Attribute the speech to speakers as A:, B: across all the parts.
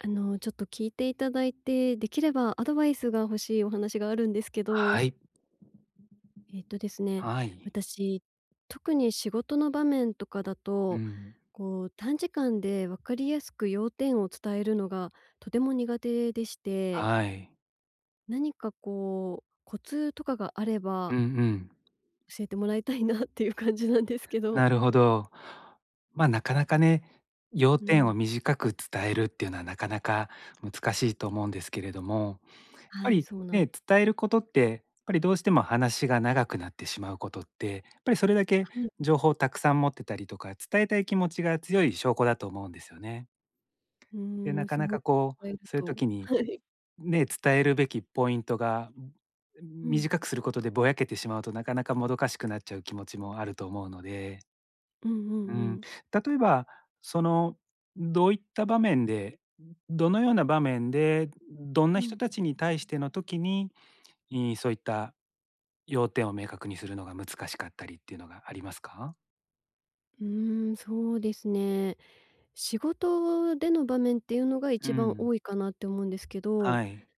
A: あの、ちょっと聞いていただいて、できればアドバイスが欲しいお話があるんですけど。
B: はい。
A: えっとですね、
B: はい。
A: 私、特に仕事の場面とかだ
B: う
A: と、
B: ん。
A: こう、短時間で分かりやすく要点を伝えるのがとても苦手でして。
B: はい。
A: 何かこう、コツとかがあれ
B: う
A: ば
B: んうん。
A: 教えてもらいたいなっていう感じなんですけど。
B: なるほど。ま、なかなかね、要
A: う
B: 点を
A: ん。
B: 短く伝えるっていうのはなかなか難しいと思うんですけれども、やっぱ
A: はい、
B: り
A: そうなんです。う。
B: ね、伝えることってやっぱりどうしても話が長くなってしまうことって、やっぱりそれだけ
A: はい。
B: 情報をたくさん持ってたりとか、伝えたい気持ちが強い証拠だと思うんですよね。
A: う
B: で、
A: ー
B: な
A: ん、
B: か
A: そう
B: なかこう、そういう
A: と、
B: 時に、
A: はい。
B: ね、伝えるべきポイントが
A: うん。
B: 短くすることでぼやけてしまうとなかなかもどかしくなっちゃう気持ちもあると思うので。
A: うんう
B: う
A: んう
B: ん、
A: ん。
B: 例えば、その、どういった場面で、どのような場面で、どん
A: う
B: な人
A: ん。
B: たちに対しての時に、いそういった要点を明確にするのが難しかったりっていうのがありますか？
A: うーん、そうですね。仕事での場面っていうのが
B: う
A: 一番
B: ん。
A: 多いかなって思うんですけど、
B: はい。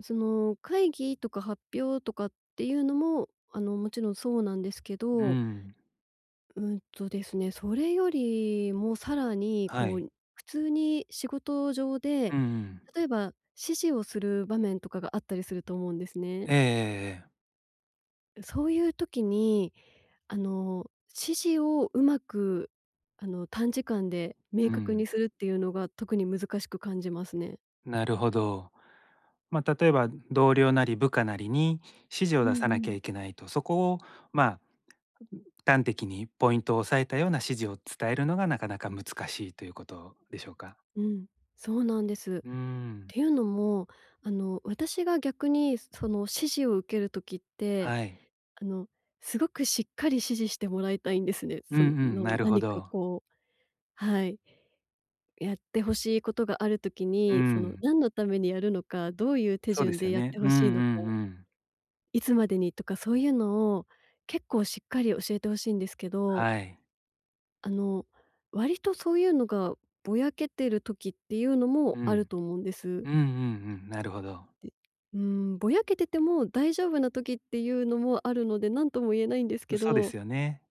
A: その、会議とか発表とかっていうのも、あの、もちろんそうなんですけ
B: う
A: ど
B: ん。
A: うんとですね、それよりもさらに、
B: は
A: こ
B: い。
A: う、普通に仕事上で
B: うんうん。
A: 例えば、指示をする場面とかがあったりすると思うんですね。
B: ええええええ。
A: う、そういう時にあの、指示をうまく、あの、短時間で明
B: う
A: 確に
B: ん。
A: するっていうのが特に難しく感じますね。
B: なるほど。ま、例えば同僚なり部下なりに指示を
A: うん
B: 出
A: う
B: さなきゃ
A: ん。
B: いけないと、そこを、ま、端的にポイントを押さえたような指示を伝えるのが、なかなか難しいということでしょうか？
A: うん、そうなんです。
B: うん。
A: ていうのもあの、私が逆にその指示を受ける時って
B: はい。
A: あの、すごくしっかり指示してもらいたいんですね、
B: うんう
A: その
B: ん、なるほ
A: 何か
B: ど。
A: こうはい。やってほしいことがある時
B: う
A: に、その
B: ん。
A: 何のためにやるのか、どういう手
B: そうで
A: 順
B: す
A: で
B: よ
A: やっ
B: ね。
A: て
B: う
A: 欲
B: んうん
A: しいのか
B: うん。
A: いつまでにとか、そういうのを結構しっかり教えて欲しいんですけど
B: はい。
A: あの、割とそういうのがぼやけてる時っていうのも
B: う
A: ある
B: ん。
A: と思うんです。
B: うんうんうん、なるほど。
A: で、うーん、ぼやけてても大丈夫な時っていうのもあるので、何とも言えないんです
B: う、
A: け
B: そうで
A: ど。
B: すよね。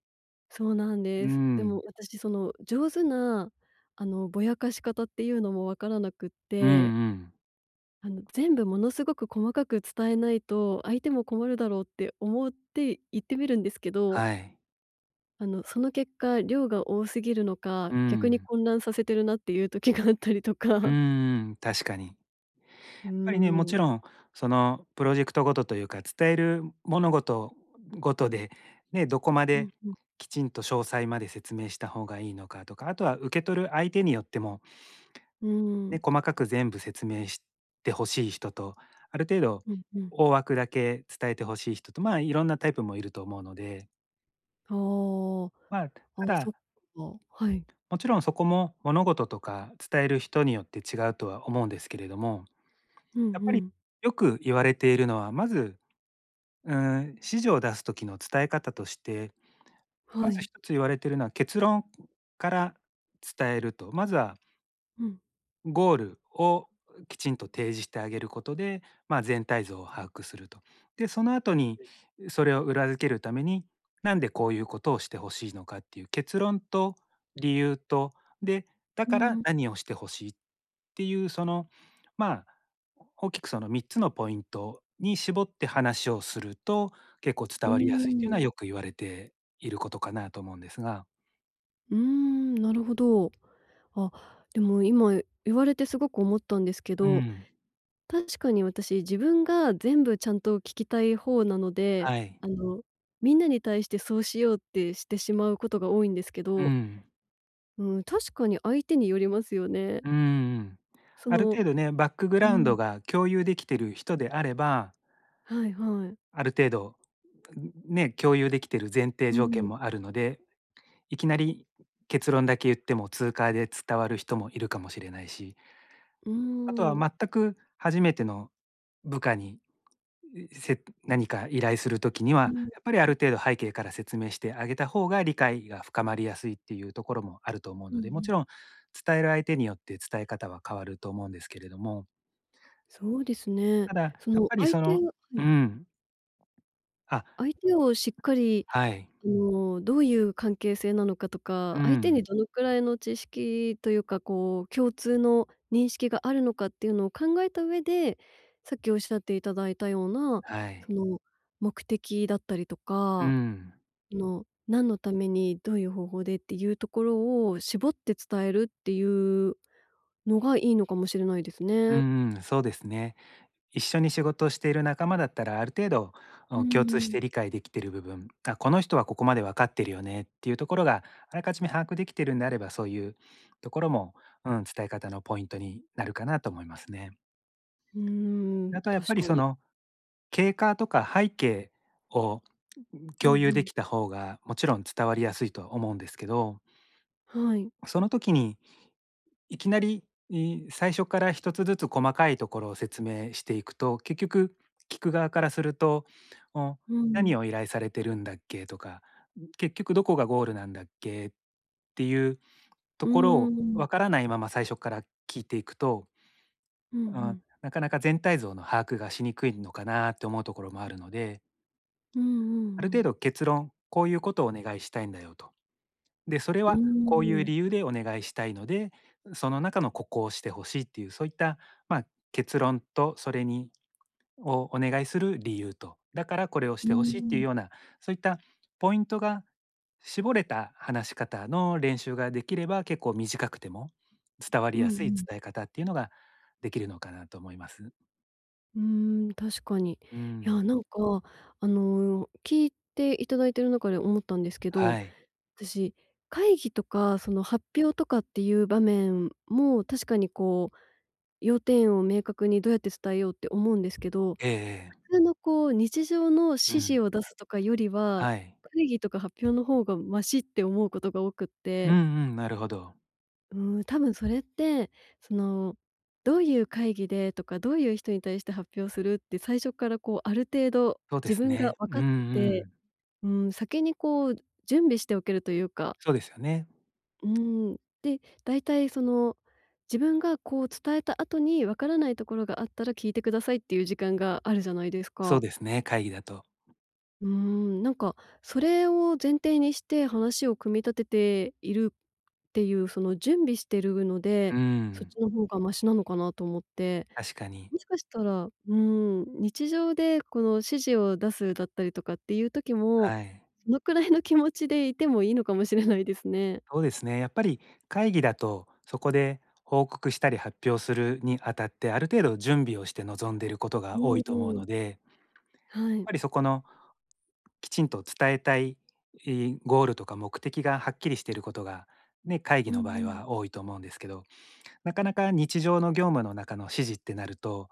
A: そうなん
B: う
A: で
B: ー
A: す。でも
B: ん。
A: 私その上手なあの、ぼやかし方っていうのもわからなくっ
B: うん
A: て。
B: うん。
A: あの全部ものすごく細かく伝えないと、相手も困るだろうって思って、言ってみるんですけど
B: はい。
A: あの、その結果、量が多すぎるのか、
B: う
A: 逆に
B: ん。
A: 混乱させてるなっていう時が あったりと
B: うん
A: か
B: うん、確かに。
A: う
B: やっぱりね、も
A: ー
B: ち
A: ん。
B: ろんそのプロジェクトごとというか、伝える物事ごとで、ね、どこま
A: う
B: で
A: ん、ふん。
B: きちんと詳細まで説明した方がいいのかとか、あとは受け取る相手によっても
A: う
B: ね、
A: ん。
B: 細かく全部説明して欲しい人と、ある程度
A: うんうん。
B: 大枠だけ伝えて欲しい人と、まあいろんなタイプもいると思うので
A: は
B: まあ、
A: あ、あ、
B: ただ
A: そっか。はい。
B: もちろんそこも物事とか伝える人によって違うとは思うんですけれども、
A: うん
B: やっ
A: う
B: ぱり
A: ん。
B: よく言われているのは、まず、うん、指示を出す時の伝え方としてま
A: は
B: ず
A: い。
B: 1つ言われているのは、結論から伝えると。まずは
A: うん。
B: ん、ゴールをきちんと提示してあげることで、まあ、全体像を把握すると。で、その後に、
A: うん。
B: それを裏付けるために、なんでこういうことをして欲しいのかっていう結論と理由と、で、だ
A: う
B: から
A: ん。
B: 何をして欲しいっていうその、まあ、大きくその3つのポイントに絞って話をすると結構
A: う
B: 伝
A: ー
B: わりやすいっていう
A: ん。
B: のはよく言われていることかなと思うんですが。
A: ん、なるほど。あ、でも今言われてすごく思ったんですけ
B: う
A: ど、
B: ん。
A: 確かに私自分が全部ちゃんと聞きたい方なので、
B: はい。
A: あの、みんなに対してそうしようってしてしまうことが多いんですけ
B: う
A: ど。
B: ん。
A: うん、確かに相手によりますよね。
B: うんうんうん。
A: そ
B: ある
A: の
B: 程度ね、バックグ
A: う
B: ラウンド
A: ん。
B: が共有できてる人であれば
A: はいはい。
B: ある程度、う、んん、ね、共有できてる前提
A: う
B: 条件
A: ん。
B: もあるので、いきなり結論だけ言ってもツーカーで伝わる人もいるかもしれないし。
A: う
B: あとは
A: ーん。
B: 全く初めての部下にせっ何か依頼するときに
A: う
B: は、
A: ん、ん。
B: やっぱりある程度背景から説明してあげた方が理解が深まりやすいっていうところもあると思う
A: うん
B: の
A: う
B: で、も
A: ん。
B: ちろん伝える相手によって伝え方は変わると思うんですけれども。
A: そうですね。
B: ただ、や
A: そ
B: っ
A: の
B: ぱり
A: 相
B: そ
A: 手
B: の
A: は
B: う
A: い。
B: ん。あ。
A: 相手をしっかり、
B: はい。
A: あの、どういう関係性なのかと
B: う
A: か、相手に
B: ん。
A: どのくらいの知識というかこう共通の認識があるのかっていうのを考えた上で、さっきおっしゃっていただいたような
B: はい。
A: その目的だったりと
B: う
A: か、
B: ん。
A: あの、何のためにどういう方法でっていうところを絞って伝えるっていうのがいいのかもしれないです
B: う
A: ね。
B: んうん、そうですね。一緒に仕事をしている仲間だったらある程度、
A: う
B: お、共
A: んう
B: 通して
A: ん。
B: 理解できてる部分、あ、この人はここまでわかってるよねっていうところがあらかじめ把握できているんであればそういうところも、うん、伝え方のポイントになるかなと思いますね。
A: うーん、
B: あとはやっぱ
A: 確
B: り
A: か
B: そ
A: に。
B: の、経過とか背景をううん、
A: うんう
B: 共有で
A: ん。
B: きた方がもちろん伝わりやすいとは思うんですけど
A: はい。
B: その時に、いきなり、い最初から1つずつ細かいところを説明していくと、結局聞く側からすると、お、
A: う
B: 「何
A: ん。
B: を依頼されてるんだっけ？」とか、ん、「結局どこがゴールなんだっけ？」っていうと
A: う
B: ころ
A: ー
B: を
A: ん。
B: わからないまま最初から聞いていくと、
A: うんう
B: あ、
A: ん。
B: なかなか全体像の把握がしにくいのかなって思うところもあるので、
A: うんう
B: ある
A: んう
B: 程
A: ん。
B: 度結論、「こういうことをお願いしたいんだよ」と。で、「それ
A: うー
B: はこういう
A: ん。
B: 理由でお願いしたいので、う、その中のここをして欲しい」っていうそういった、まあ、結論とそれにをお願いする理由と、だからこれをし
A: うー
B: て欲しいっていう
A: ん。
B: ようなそういったポイントが絞れた話し方の練習ができれば結構短くても伝わ
A: う
B: り
A: んう
B: やすい
A: ん。
B: 伝え方っていうのができるのかなと思います。
A: うーん、確かに。
B: う
A: いや、
B: ん。
A: なんか、あの、聞いていただいている中で思ったんですけど、
B: は
A: あ
B: い。
A: たし、会議とか、その、発表とかっていう場面も確かに、こう、要点を明確にどうやって伝えようって思うんですけど、
B: ええええ。
A: 普通の、こう、日常の指
B: う
A: 示
B: ん。
A: を出すとかよりは、
B: はい。
A: 会議とか発表の方がマシって思うことが多くっ
B: うん
A: て。
B: うん、なるほど。
A: うーん、多分それって、その、どういう会議でとか、どういう人に対して発表するって最初から、こう、ある程度
B: そうで
A: 自
B: す
A: 分が
B: ね。
A: 分
B: うん
A: かっ
B: う
A: てて、
B: ん。
A: うーん、先にこう準備しておけるというか
B: そうですよね。
A: うーん、で、だいたい、その、自分が、こう、伝えた後に分からないところがあったら、聞いてくださいっていう時間があるじゃないです
B: そう
A: か。
B: ですね、会議だと。
A: うーん。なんか、それを前提にして話を組み立てているっていう、その、準備してるの
B: う
A: で、そっ
B: ん。
A: ちの方がマシなのかなと思って、
B: 確かに。
A: もしかしたら、うーん、日常でこの指示を出すだったりとかっていう時も、
B: はい。
A: そのくらいの気持ちでいてもいいのかもしれないですね。
B: そうですね。やっぱり、会議だとそこで報告したり発表するにあたって、ある程度準備をして臨んでいること
A: う
B: が多
A: ん、
B: いと思う
A: うん。
B: のでやっ
A: はい。
B: ぱりそこのきちんと伝えたい、いゴールとか目的がはっきりしていることが、ね、会議
A: う
B: の場
A: ん
B: 合
A: うん。
B: は多いと思うんですけど、なかなか日常の業務の中の指示ってなると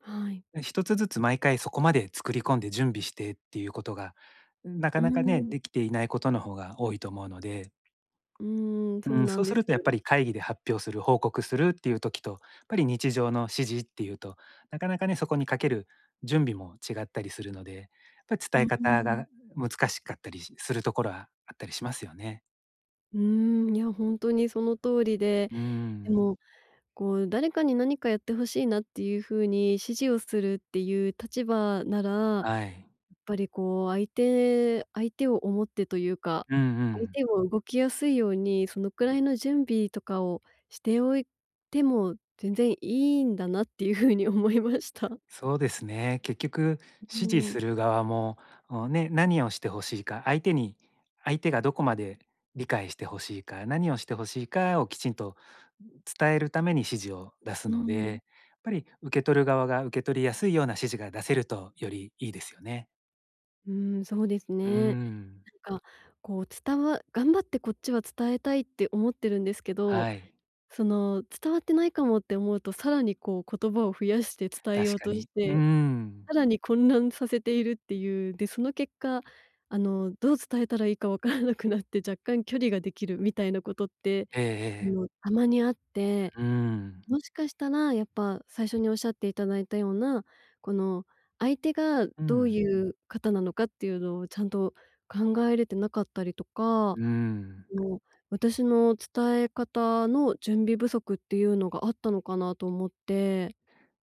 A: はい。
B: ん、1つずつ毎回そこまで作り込んで準備してっていう事が、なか
A: うー
B: なかね、
A: ん。
B: 出来ていない事の方が多いと思うので。
A: うーん、
B: う
A: そ
B: ー
A: う
B: ん、
A: な
B: そ
A: ん
B: う
A: で
B: す
A: す。
B: るとやっぱり会議で発表する、報告するっていう時と、やっぱり日常の指示っていうと、なかなかね、そこにかける準備も違ったりするので、っぱ
A: う
B: 伝
A: ん、
B: え
A: うー
B: 方
A: ん。
B: が難しかったりしするところはあったりしますよね。
A: うーん、いやほんとにその通りで、
B: うー
A: で
B: ん。
A: も、こう誰かに何かやって欲しいなっていう風に指示をするっていう立場なら、やっ
B: はい。
A: ぱりこう相手相手を思ってというか、
B: うんう
A: 相
B: ん。
A: 手も動きやすいように、そのくらいの準備とかをしておいても全然いいんだなっていう風に思いました。
B: そうですね。結局
A: うう
B: 指示
A: ん。
B: する側も、ん、ね、何をして欲しいか、相手に相手がどこまで理解して欲しいか、何をして欲しいかをきちんと伝えるために指示を出
A: う
B: す
A: ん
B: の
A: うんう
B: で、
A: ん。
B: やっぱり受け取る側が受け取りやすいような指示が出せるとよりいいですよね。
A: うーん、そうです
B: う
A: ね。
B: ん。
A: なんかこう伝わ頑張ってこっちは伝えたいって思ってるんですけど、
B: はい。
A: その伝わってないかもって思うと、さらにこう言葉を増やして伝え
B: 確
A: よう
B: か
A: とし
B: に。う
A: て、
B: ん。
A: さらに混乱させているっていう。で、その結果あの、どう伝えたらいいかわからなくなって若干距離ができるみたいなことって、
B: ええ
A: あ
B: ええ。
A: の、たまにあって。
B: うん。
A: もしかしたら、やっぱ最初におっしゃっていただいたような、この相手が
B: うんう
A: どう
B: ん。
A: いう方なのかっていうのを、ちゃんと考えれてなかったりとか、あ
B: うん。
A: の、私の伝え方の準備不足っていうのがあったのかなと思って。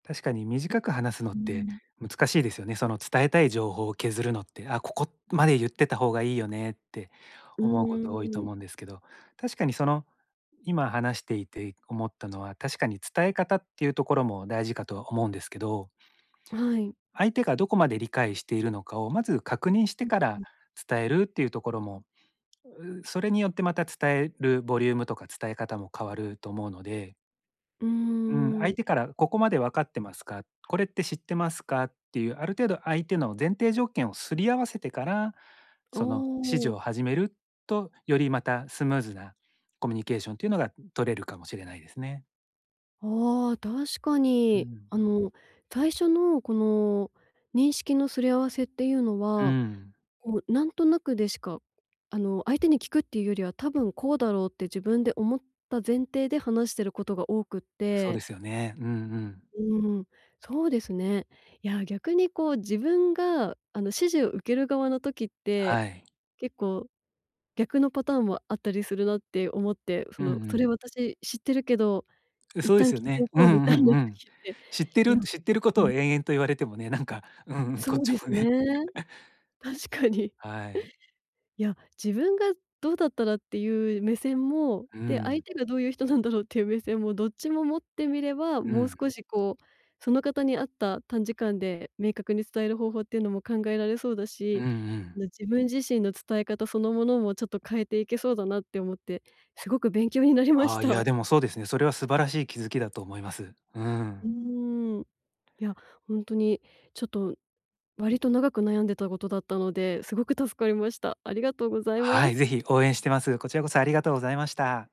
B: 確かに短く話すのっ
A: うんう
B: て
A: ん。
B: 難しいですよね。その伝えたい情報を削るのって、あ、ここまで言ってた方がいいよねって
A: う
B: 思
A: ん
B: うこ
A: うん
B: と多
A: う
B: い
A: ん
B: と
A: うん。
B: 思うんですけど。確かにその、今話していて思ったのは、確かに伝え方っていうところも大事かとは思うんですけど
A: はい。
B: 相手がどこまで理解しているのかを、まず確認し
A: う
B: て
A: ん、
B: か
A: う
B: ら
A: ん。
B: 伝えるっていうところも、うそれによってまた伝えるボリュームとか伝え方も変わると思うので。
A: うー
B: うん、相
A: ん。
B: 手から「ここまでわかってますか？これって知ってますか？」っていうある程度相手の前提条件を擦り合わせてから、
A: お
B: その、指示
A: お。
B: を始めると、よりまたスムーズなコミュニケーションというのが取れるかもしれないですね。
A: おあ、確か
B: う
A: に。
B: ん。
A: あの、最初の、この、認識の擦り合わせっていうの
B: う
A: は、
B: ん。
A: こう、なんとなくでしか、あの、相手に聞くっていうよりは「多分、こうだろう」って自分で思った前提で話してることが多くっ
B: うそうで
A: て。
B: すよね。うんうん。
A: うん、そうですね。いや、逆に、こう、自分が、あの、指示を受ける側の時って、
B: はい。
A: 結構逆のパターンもあったりするなって思って、
B: う
A: そ
B: んう
A: の、「それ
B: ん。
A: 私知ってるけど、
B: う
A: 一
B: そうで
A: 旦
B: すよ
A: 聞いて
B: ね。
A: お
B: う
A: こ
B: んう
A: う」みたい
B: ん
A: な
B: うん。
A: 時って、
B: 知って
A: い
B: る
A: や、
B: んと知ってることを
A: [unintelligible]
B: 延々と言われてもね、なんか、うん、こ
A: そ
B: っ
A: う
B: ち
A: で
B: も
A: すね。
B: ね。
A: 確かに。
B: はい。
A: いや、自分がどうだったらっていう目線も、
B: う
A: で、相
B: ん。
A: 手がどういう人なんだろうっていう目線もどっちも持ってみれば、
B: う
A: もう
B: ん。
A: 少し、こう、その方に合った短時間で明確に伝える方法っていうのも考えられそうだ
B: うん
A: し、
B: うん。
A: な自分自身の伝え方そのものもちょっと変えていけそうだなって思って、すごく勉強になりま
B: あ
A: し
B: あ、い
A: た。
B: や、でも、そうですね。それは素晴らしい気づきだと思います。う
A: う
B: ん。
A: ーん。いや、ほんとに、ちょっと、割と長く悩んでたことだったので、すごく助かりました。ありがとうございま
B: はい、
A: す。
B: ぜひ応援してます。こちらこそありがとうございました。